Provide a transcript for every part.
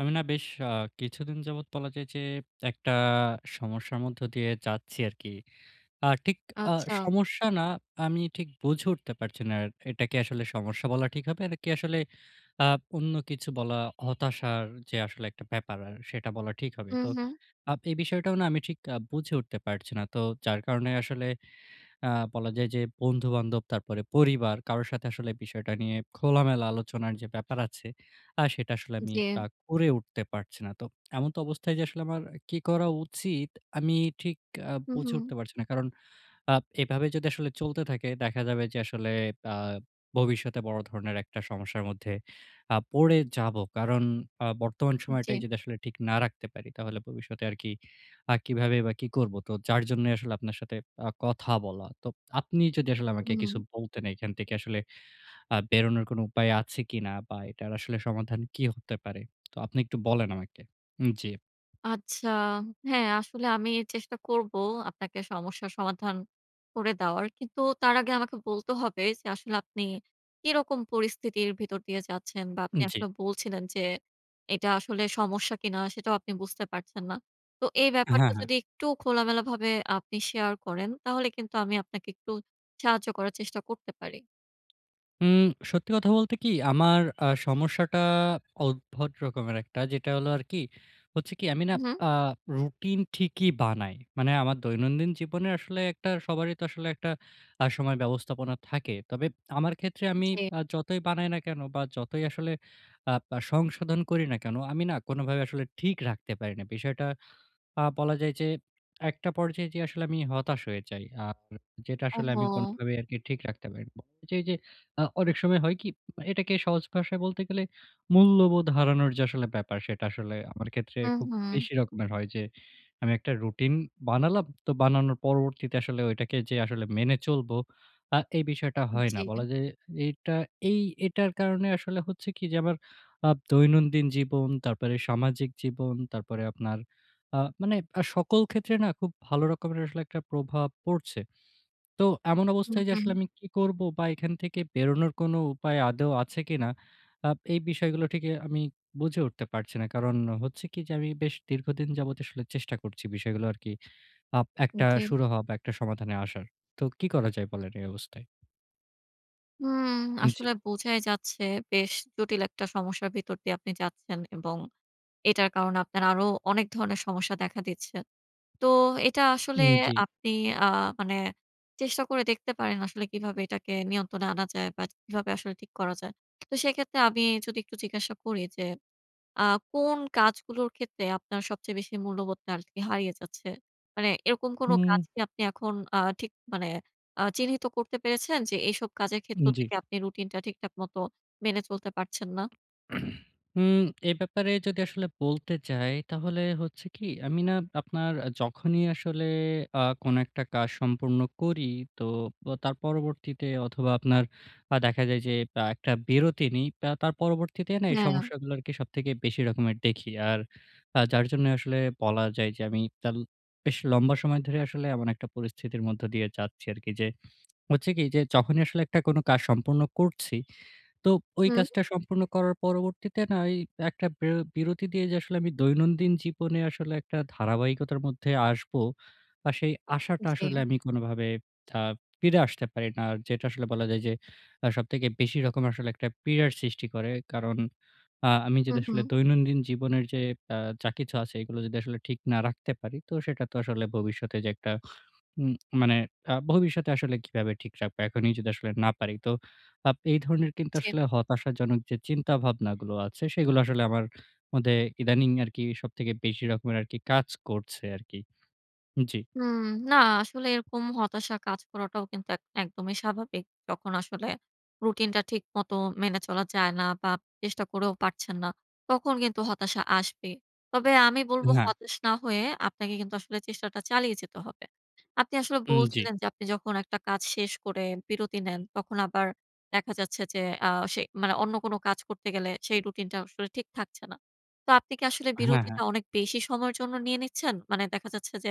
আমি না বেশ আ কিছুদিন যাবত বলা যায় যে, একটা সমস্যার মধ্য দিয়ে যাচ্ছি আর কি। আ ঠিক আ আচ্ছা। সমস্যা না আমি ঠিক বুঝে উঠতে পারছি না আর। এটা কি আসলে সমস্যা বলা ঠিক হবে? এটা কি আসলে আ অন্য কিছু বলা, হতাশার যে আসলে একটা ব্যাপার আর, সেটা বলা ঠিক হবে? হুম, তো হুম? আব এই বিষয়টাও না আমি ঠিক আ বুঝে উঠতে পারছি না। তো যার কারণে আসলে, আ বলা যায় যে, বন্ধু-বান্ধব তারপরে পরিবার, কারো সাথে আসলে বিষয়টা নিয়ে খোলামেলা আলোচনার যে ব্যাপার আছে, আ সেটা আসলে আমি ব জি। করে উঠতে পারছি না। তো, এমনতো অবস্থায় যে আসলে আমার কি করা উচিত? আমি ঠিক আ হুম, বুঝে হুম। উঠতে পারছি না কারণ আব এভাবে যদি চলতে থাকে দেখা যাবে যে আসলে, আ ভবিষ্যতে বড় ধরনের একটা সমস্যার মধ্যে আ পড়ে যাব কারণ আ বর্তমান সময়টাই জি। যদি আসলে ঠিক না রাখতে পারি, তাহলে ভবিষ্যতে আর কি, আর কিভাবেই বা কি করব? তো যার জন্যই আসলে আপনার সাথে আ কথা বলা। তো, আপনি যদি আসলে আমাকে হু কিছু হুম। বলতেন এখান থেকে আসলে আ বেরোনোর কোন উপায় আছে কি না বা এটার আসলে সমাধান কি হতে পারে? তো, আপনি একটু বলেন আমাকে। হুম, জি। আচ্ছা। হ্যাঁ, আসলে এ আমি চেষ্টা করব, আপনাকে সমস্যার সমাধান করে দেওয়ার। কিন্তু তার আগে আমাকে বলতে হবে যে, আসলে আপনি কি রকম পরিস্থিতির ভিতর দিয়ে যাচ্ছেন বা আপনি উম জি। আসলে বলছিলেন যে, এটা আসলে সমস্যা কি না সেটাও আপনি বুঝতে পারছেন না। তো এই হ্যাঁ, ব্যাপারটা হ্যাঁ। যদি একটু খোলামেলাভাবে আপনি শেয়ার করেন, তাহলে কিন্তু আমি আপনাকে একটু সাহায্য করার চেষ্টা করতে পারি। উম সত্যি কথা বলতে কি? আমার আ সমস্যাটা উদ্ভট রকমের একটা, যেটা হলো আরকি হচ্ছে কি আমি না হু, হু। আ রুটিন ঠিকই বানাই। মানে আমার দৈনন্দিন জীবনে আসলে একটা সবারই তো আসলে একটা আ সময় ব্যবস্থাপনা থাকে। তবে এপ আমার ক্ষেত্রে আমি জি। আ যতই বানাই না কেন বা, যতই আসলে আপ আ সংশোধন করি না কেন, আমি না কোনভাবে আসলে ঠিক রাখতে পারি না। বিষয়টা আ বলা যায় যে, একটা পর্যায়ে যেয়ে আসলে আমি হতাশ হয়ে যাই। আপ এ যেটা আসলে আমি ওহহো! কোনভাবেই আরকি আপনি ঠিক রাখতে পারি না। বা এইযে এইযে যে আ অনেক সময় হয় কি? উম আ এটাকে সহজ ভাষায় বলতে গেলে, মূল্যবোধ হারানোর যে আসলে ব্যাপার, সেটা আসলে আমার ক্ষেত্রে হু, খুব হু। বেশি রকমের হয় যে, আমি একটা রুটিন বানালাম, তো বানানোর পরবর্তীতে আসলে ওইটাকে যে আসলে মেনে চলবো, আ এই বিষয়টা উ হয় না। জি। বলা যায় এটা এই এটার কারণে আসলে হচ্ছে কি যে আমার আপ দৈনন্দিন জীবন, তারপরে সামাজিক জীবন, তারপরে আপনার আ মানে আ সকল ক্ষেত্রে না খুব ভালো রকমের আসলে একটা প্রভাব পড়ছে। তো এমন হু, অবস্থায় যে আসলে হু। আমি কি করবো বা, এখান থেকে বেরোনোর কোন উপায় আদৌ আছে কিনা? আপ এই বিষয়গুলো ঠিকই আমি বুঝে উঠতে পারছি না। কারণ হচ্ছে কি যে, আমি বেশ দীর্ঘদিন যাবৎই আসলে চেষ্টা করছি বিষয়গুলো আরকি আপ উ একটা জি। সুরাহা বা, একটা সমাধানে আসার। তো কি করা যায় বলেন এই অবস্থায়? হুম। জি। আসলে বোঝাই যাচ্ছে বেশ জটিল একটা সমস্যার ভিতর দিয়ে আপনি যাচ্ছেন। এবং এটার কারণে আপনার আরো অনেক ধরনের সমস্যা দেখা দিচ্ছে। তো, এটা আসলে উম জি। আপনি আ মানে চেষ্টা করে দেখতে পারেন আসলে কীভাবে এটাকে নিয়ন্ত্রণে আনা যায় বা, কিভাবে আসলে ঠিক করা যায়। তো সেক্ষেত্রে আমি যদি একটু জিজ্ঞাসা করি যে, আ কোন কাজগুলোর ক্ষেত্রে আপনার সবচেয়ে বেশি মূল্যবোধটা আরকি হারিয়ে যাচ্ছে? মানে এরকম কোন কাজ হুম। কি আপনি এখন আ ঠিক মানে আ চিহ্নিত করতে পেরেছেন যে এইসব কাজের ক্ষেত্র উম জি। থেকে আপনি রুটিনটা ঠিকঠাক মত মেনে চলতে পারছেন না? হুম, এ ব্যাপারে যদি আসলে বলতে যাই, তাহলে হচ্ছে কি আমি না আপনার যখনই আসলে আ কোন একটা কাজ সম্পূর্ণ করি, তো বা তার পরবর্তীতে অথবা, আপনার আ দেখা যায় যে আ একটা বিরতি নেই। বা, তার পরবর্তীতে এই হ্যাঁ। সমস্যাগুলোকে সবথেকে বেশি রকমের দেখি। আর আ যার জন্য আসলে বলা যায় যে, আমি তাল বেশ লম্বা সময় ধরে আসলে এমন একটা পরিস্থিতির মধ্য দিয়ে যাচ্ছি আরকি। যে হচ্ছে কি যে, যখনই আসলে একটা কাজ সম্পূর্ণ করছি, তো ওই হুম। কাজটা সম্পূর্ণ করার পরবর্তীতে না ওই একটা বের বিরতি দিয়ে যে আসলে আমি দৈনন্দিন জীবনে আসলে একটা ধারাবাহিকতার মধ্যে আসবো। আর সেই আসাটা আসলে জি। আমি কোনভাবে আ ফিরে আসতে পারি না। আর যেটা আসলে বলা যায় যে আ সবথেকে বেশি রকম আসলে একটা পীড়ার সৃষ্টি করে। কারণ, আ আমি হু, যদি আসলে হু। দৈনন্দিন জীবনের যে, আ যা কিছু আছে এগুলো যদি আসলে ঠিক না রাখতে পারি, তো সেটা তো আসলে ভবিষ্যতে যে একটা উম মানে আ ভবিষ্যতে আসলে কীভাবে ঠিক রাখবো, এখনই যদি আসলে না পারি। তো আপ এই ধরনের কিন্তু জি। আসলে হতাশাজনক যে চিন্তাভাবনাগুলো আছে, সেগুলো আসলে আমার মধ্যে ইদানিং আরকি সবথেকে বেশি রকমের আরকি কাজ করছে আরকি। জি। হুম। না আসলে এরকম হতাশা কাজ করাটাও কিন্তু এক একদমই স্বাভাবিক। তখন আসলে রুটিনটা ঠিক মত মেনে চলা যায় না বা, চেষ্টা করেও পারছেন না। তখন কিন্তু হতাশা আসবে। তবে আমি বলবো না। হতাশ না হয়ে আপনাকে কিন্তু আসলে চেষ্টাটা চালিয়ে যেতে হবে। আপনি আসলে উম জি। বলছিলেন যে, আপনি যখন ১ কাজ শেষ করে বিরতি নেন, তখন আবার দেখা যাচ্ছে যে আ সে মানে অন্য কোন কাজ করতে গেলে সেই রুটিনটাও আসলে ঠিক থাকছে না। তো আপনি কি আসলে হ্যাঁ, হ্যাঁ। বিরতিটা অনেক বেশি সময়ের জন্য নিয়ে নিচ্ছেন? মানে দেখা যাচ্ছে যে,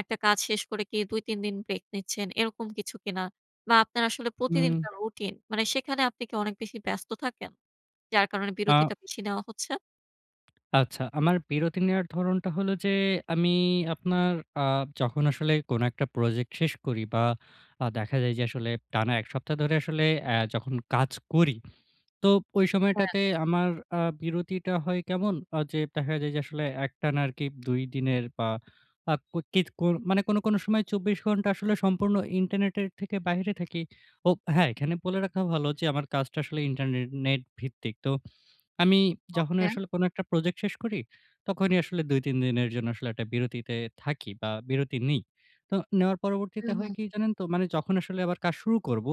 ১ কাজ শেষ করে কি ২-৩ দিন ব্রেক নিচ্ছেন, এরকম কিছু কিনা? বা, আপনার আসলে হুম। প্রতিদিনকার রুটিন মানে, সেখানে আপনি কি অনেক বেশি ব্যস্ত থাকেন? যার কারণে আ বিরতিটা বেশি নেওয়া হচ্ছে? আচ্ছা, আমার বিরতি নেওয়ার ধরণটা হলো যে, আমি আপনার আ যখন আসলে কোন একটা প্রজেক্ট শেষ করি। বা আ দেখা যায় যে আসলে টানা ১ সপ্তাহ ধরে আসলে অ্যা যখন কাজ করি। তো, ওই হ্যাঁ। সময়টাতে আমার আ বিরতিটা হয় কেমন? আ যে দেখা যায় যে, আসলে একটানা আরকি ২ দিনের বা আ কুত কিত কুর মানে কোন, কোন সময় ২৪ ঘন্টা আসলে সম্পূর্ণ ইন্টারনেটের থেকে বাহিরে থাকি। ও হ্যাঁ এখানে বলে রাখা ভালো যে, আমার কাজটা আসলে ইন্টারনে-নেট ভিত্তিক তো, আমি যখনই ওকে। আসলে কোন একটা প্রজেক্ট শেষ করি, তখনই আসলে ২ ৩ দিনের জন্য আসলে একটা বিরতিতে থাকি বা বিরতি নিই। তো নেওয়ার পরবর্তীতে হুম, হয় হুম। কী জানেন তো? মানে যখন আসলে আবার কাজ শুরু করবো,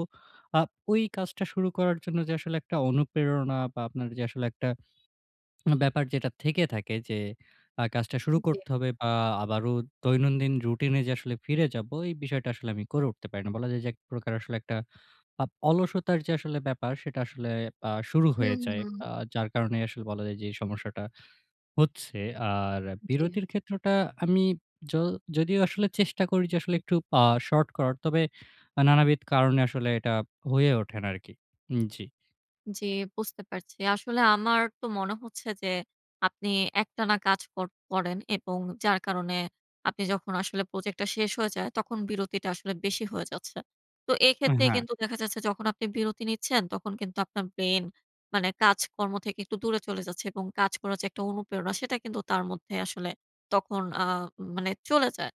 আ ওই কাজটা শুরু করার জন্য যে আসলে একটা অনুপ্রেরণা বা আপনার যে, আসলে একটা ব্যাপার যেটা থেকে থাকে যে, আ কাজটা শুরু জি। করতে হবে। বা আবারও দৈনন্দিন রুটিনে যে আসলে ফিরে যাবো। এই বিষয়টা আসলে আমি করে উঠতে পারি না। বলা যায় যে এক প্রকার আসলে একটা আ অলসতার যে আসলে ব্যাপার সেটা আসলে আ শুরু হয়ে হুম, যায়। হুম। আ যার কারণে আসলে বলা যায় যে এই সমস্যাটা হচ্ছে। আর জি। বিরতির ক্ষেত্রটা আমি য যদিও আসলে চেষ্টা করি যে, আসলে একটু আ শর্ট করার তবে আ নানাবিধ কারণে আসলে এটা হয়ে ওঠে না আরকি হুম, জি। জি। বুঝতে পারছি। আসলে আমার তো মনে হচ্ছে যে, আপনি একটানা কাজ কর করেন এবং যার কারণে আপনি যখন আসলে প্রজেক্টটা শেষ হয়ে যায়, তখন বিরতিটা আসলে বেশি হয়ে যাচ্ছে। তো এ এক্ষেত্রে হ্যাঁ। কিন্তু দেখা যাচ্ছে যখন আপনি বিরতি নিচ্ছেন, তখন কিন্তু আপনার ব্রেইন মানে কাজকর্ম থেকে একটু দূরে চলে যাচ্ছে এবং কাজ করার যে একটা অনুপ্রেরণা, সেটা কিন্তু তার মধ্যে আসলে তখন আ মানে চলে যায়।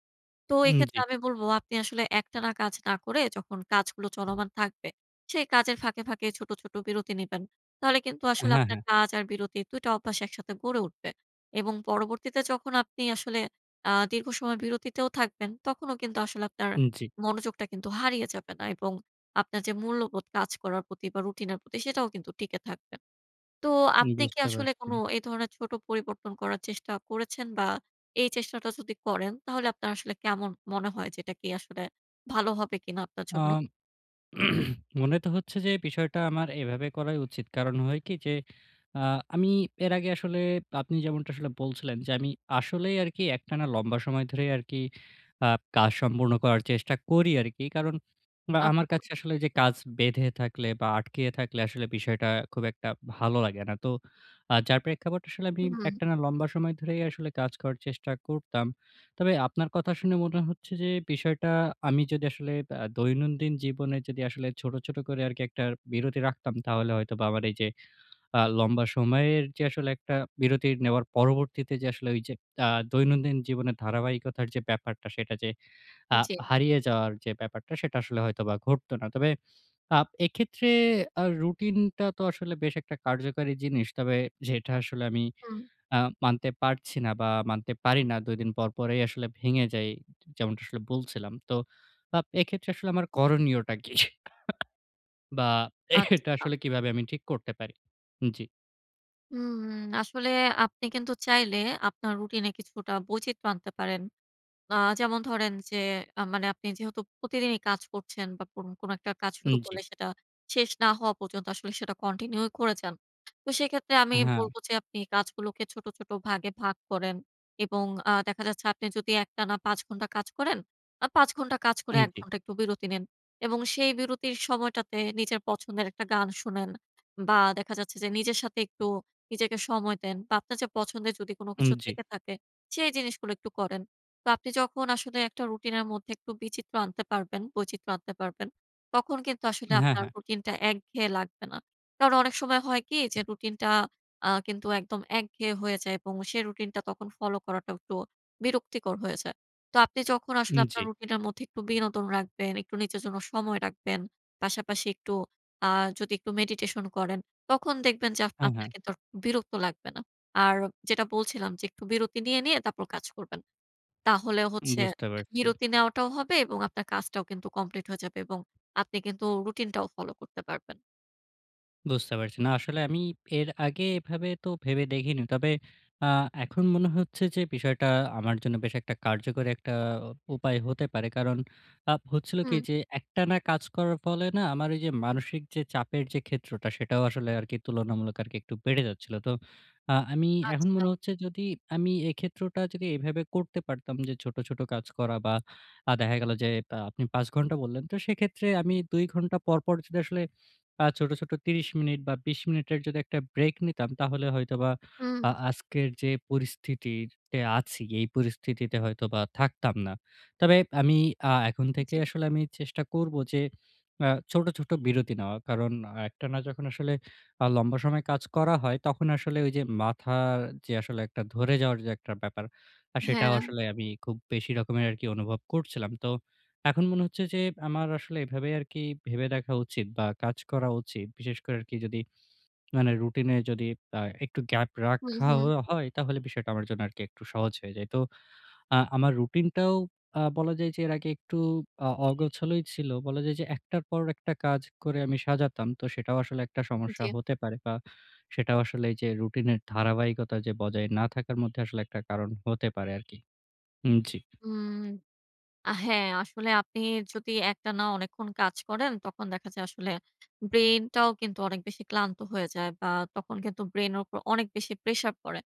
তো উম এক্ষেত্রে জি। আমি বলবো আপনি আসলে একটানা কাজ না করে, যখন কাজগুলো চলমান থাকবে, সেই কাজের ফাঁকে, ফাঁকে ছোট, ছোট বিরতি নিবেন। তাহলে কিন্তু আসলে হ্যাঁ, আপনার হ্যাঁ। কাজ আর বিরতির ২ অভ্যাস একসাথে গড়ে উঠবে এবং পরবর্তীতে যখন আপনি আসলে আ দীর্ঘসময় বিরতিতেও থাকবেন, তখনও কিন্তু আসলে আপনার উম জি। মনোযোগটা কিন্তু হারিয়ে যাবে না এবং আপনার যে মূল্যবোধ কাজ করার প্রতি বা, রুটিনের প্রতি, সেটাও কিন্তু টিকে থাকবে। তো উম আপনি কি বুঝতে আসলে পারছি। কোন এ ধরনের ছোট পরিবর্তন করার চেষ্টা করেছেন? বা, এই চেষ্টাটা যদি করেন, তাহলে আপনার আসলে কেমন মনে হয় যে, এটা কি আসলে ভালো হবে কিনা আপনার জন্য? আম মনে তো হচ্ছে যে বিষয়টা আমার এভাবে করাই উচিত। কারণ হয় কি যে, আ আমি এর আগে আসলে আপনি যেমনটা বলছিলেন যে, আমি আসলেই আরকি একটানা লম্বা সময় ধরেই আরকি আপ কাজ সম্পূর্ণ করার চেষ্টা করি আরকি। কারণ, বা আমার আচ্ছা। কাছে আসলে যে কাজ বেঁধে থাকলে বা, আটকিয়ে থাকলে আসলে বিষয়টা খুব একটা ভালো লাগে না। তো আ যার প্রেক্ষাপট আসলে আমি হুম। একটানা লম্বা সময় ধরেই আসলে কাজ করার চেষ্টা করতাম। তবে আপনার কথা শুনে মনে হচ্ছে যে বিষয়টা আমি যদি আসলে আ দৈনন্দিন জীবনে যদি আসলে ছোট, ছোট করে আরকি একটা বিরতি রাখতাম, তাহলে হয়তোবা আমার এইযে আ লম্বা সময়ের যে আসলে একটা বিরতি নেওয়ার পরবর্তীতে যে আসলে ঐযে আ দৈনন্দিন জীবনের ধারাবাহিকতার যে ব্যাপারটা, সেটা যে আ জি। হারিয়ে যাওয়ার যে ব্যাপারটা, সেটা আসলে হয়তোবা ঘটতো না। তবে আ এক্ষেত্রে আ রুটিনটা তো আসলে বেশ একটা কার্যকারী জিনিস। তবে যেটা আসলে আমি হুম। আ মানতে পারছি না বা, মানতে পারি না। ২ দিন পরপরেই আসলে ভেঙে যাই, যেমনটা আসলে বলছিলাম। তো আ এক্ষেত্রে আসলে আমার করণীয়টা কী? বা এটা আচ্ছা। আসলে কিভাবে আমি ঠিক করতে পারি? হু, জি। উম আসলে আপনি কিন্তু চাইলে, আপনার রুটিন এ কিছুটা বৈচিত্র্য আনতে পারেন। আ যেমন ধরেন যে, আ মানে আপনি যেহেতু প্রতিদিনই কাজ করছেন বা কোন না কোন একটা কাজ শুরু উম, জি। করলে সেটা, শেষ না হওয়া পর্যন্ত আসলে সেটা কন্টিনিউ করে যান। তো সেক্ষেত্রে আমি হ্যাঁ। বলব যে, আপনি কাজগুলোকে ছোট, ছোট ভাগে ভাগ করেন এবং আ দেখা যাচ্ছে আপনি যদি একটানা ৫ ঘন্টা কাজ করেন? আ ৫ ঘন্টা কাজ করে, হুম, ১ জি। ঘন্টা একটু বিরতি নিন এবং সেই বিরতির সময়টাতে নিজের পছন্দের একটা গান শোনেন বা দেখা যাচ্ছে যে, নিজের সাথে একটু নিজেকে সময় দেন বা আপনার যে পছন্দের যদি কোন হুম, কিছু জি। থেকে থাকে, সেই জিনিসগুলো একটু করেন। তো, আপনি যখন আসলে একটা রুটিনের মধ্যে একটু বিচিত্র আনতে পারবেন বৈচিত্র্য আনতে পারবেন। তখন কিন্তু আসলে হ্যাঁ, আপনার হ্যাঁ। রুটিনটা একঘেয়ে লাগবে না। কারণ অনেক সময় হয় কি যে, রুটিনটা আ কিন্তু একদম একঘেয়ে হয়ে যায় এবং সেই রুটিন টা তখন ফলো করাটা একটু বিরক্তিকর হয়ে যায়। তো আপনি যখন আসলে উম, আপনার জি। রুটিনের মধ্যে একটু বিনোদন রাখবেন, একটু নিজের জন্য সময় রাখবেন। পাশাপাশি একটু, আ যদি একটু মেডিটেশন করেন, তখন দেখবেন যে আপ হ্যাঁ, আপনার হ্যাঁ। কিন্তু আর বিরক্ত লাগবে না। আর যেটা বলছিলাম যে, একটু বিরতি নিয়ে, নিয়ে তারপর কাজ করবেন। তাহলে উম, হচ্ছে বুঝতে পারছি। বিরতি নেওয়াটাও হবে এবং আপনার কাজটাও কিন্তু কমপ্লিট হয়ে যাবে এবং আপনি কিন্তু রুটিনটাও ফলো করতে পারবেন। বুঝতে পারছি। না, আসলে আমি এর আগে এভাবে তো ভেবে দেখিনি। তবে আ এখন মনে হচ্ছে যে বিষয়টা আমার জন্য বেশ একটা কার্যকর একটা উপায় হতে পারে। কারণ আ হচ্ছিল কি হুম। যে, একটানা কাজ করার ফলে না আমার ওইযে মানসিক যে চাপের যে ক্ষেত্রটা সেটাও আসলে আরকি তুলনামূলক আরকি বেড়ে যাচ্ছিল। তো আ আমি এখন আচ্ছা। মনে হচ্ছে যদি আমি এক্ষেত্রটা যদি এভাবে করতে পারতাম যে, ছোট, ছোট কাজ করা বা আ দেখা গেল যে আ আপনি ৫ ঘন্টা বললেন। তো সেক্ষেত্রে আমি ২ ঘন্টা পর, পর যদি আসলে আ ছোট, ছোট ৩০ মিনিট বা ২০ মিনিটের যদি একটা ব্রেক নিতাম। তাহলে হয়তোবা আ হুম। আজকের যে পরিস্থিতিতে আছি, এই পরিস্থিতিতে হয়তোবা থাকতাম না। তবে আমি আ এখন থেকে জি। আসলে আমি চেষ্টা করবো যে, আ ছোট, ছোট বিরতি নেওয়া। কারণ একটানা যখন আসলে আ লম্বা সময় কাজ করা হয় তখন আসলে ওই যে মাথার যে আসলে ধরে যাওয়ার একটা ব্যাপার আ সেটাও হ্যাঁ। আসলে আমি খুব বেশি রকমের আরকি অনুভব করছিলাম। তো এখন মনে হচ্ছে যে আমার আসলে এভাবে আরকি ভেবে দেখা উচিত বা কাজ করা উচিত। বিশেষ করে আরকি যদি মানে রুটিনে যদি আ একটু গ্যাপ হু, রাখা হ হু। হয়। তাহলে বিষয়টা আমার জন্য আর একটু সহজ হয়ে যায়। তো আ আমার রুটিনটাও আ বলা যায় যে, এর আগে একটু আ অগোছালই ছিলো। বলা যায় যে, একটার পর একটা কাজ করে আমি সাজাতাম। তো সেটাও আসলে একটা সমস্যা জি। হতে পারে বা সেটাও আসলে এইযে, রুটিনের ধারাবাহিকতা যে বজায় না থাকার মধ্যে আসলে একটা কারণ হতে পারে আরকি। হুম, জি। হুম। আ হ্যাঁ, আসলে আপনি যদি একটানা অনেকক্ষণ কাজ করেন তখন দেখা যায় আসলে ব্রেইনটাও কিন্তু অনেক বেশি ক্লান্ত হয়ে যায়। বা তখন কিন্তু ব্রেইনের উপর অনেক বেশি প্রেশার পড়ে।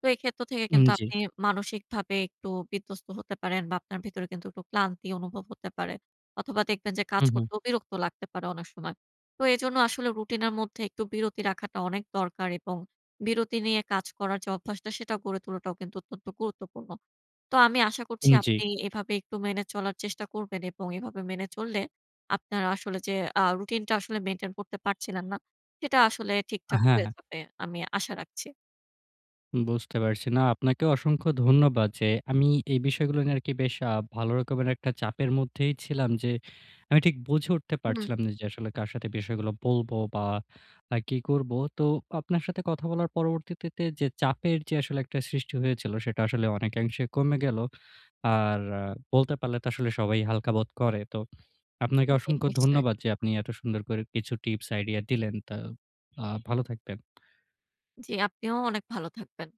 তো এই ক্ষেত্র থেকে হুম, কিন্তু জি। আপনি মানসিকভাবে একটু বিধ্বস্ত হতে পারেন বা আপনার ভেতরে কিন্তু একটু ক্লান্তি অনুভব হতে পারে। অথবা দেখবেন যে কাজ হু, হু। করতেও বিরক্ত লাগতে পারে অনেক সময়। তো এজন্য আসলে রুটিনের মধ্যে একটু বিরতি রাখাটা অনেক দরকার এবং বিরতি নিয়ে কাজ করার যে অভ্যাসটা সেটা গড়ে তোলাটাও কিন্তু অত্যন্ত গুরুত্বপূর্ণ। তো আমি আশা করছি হুম, জি। আপনি এভাবে একটু মেনে চলার চেষ্টা করবেন এবং এভাবে মেনে চললে আপনার আসলে যে, আ রুটিনটা আসলে মেইনটেইন করতে পারছিলেন না, সেটা আসলে হ্যাঁ, ঠিকঠাক হয়ে হ্যাঁ। যাবে। আমি আশা রাখছি। বুঝতে পারছি। না, আপনাকেও অসংখ্য ধন্যবাদ যে, আমি এই বিষয়গুলো নিয়ে আরকি বেশ আ ভালো রকমের একটা চাপের মধ্যেই ছিলাম। যে আমি ঠিক বুঝে উঠতে হুম। পারছিলাম না যে, আসলে কার সাথে বিষয়গুলো বলবো বা আ কি করবো। তো আপনার সাথে কথা বলার পরবর্তীতে তে চাপের যে আসলে একটা সৃষ্টি হয়েছিল সেটা আসলে অনেকাংশে কমে গেলো। আর বলতে পারলে তো আসলে সবাই হালকা বোধ করে। তো আপনাকে জি, অসংখ্য নিশ্চয়ই। ধন্যবাদ যে আপনি এত সুন্দর করে কিছু টিপস আইডিয়া দিলেন। তো আ ভালো থাকবেন। জি, আপনিও অনেক ভালো থাকবেন।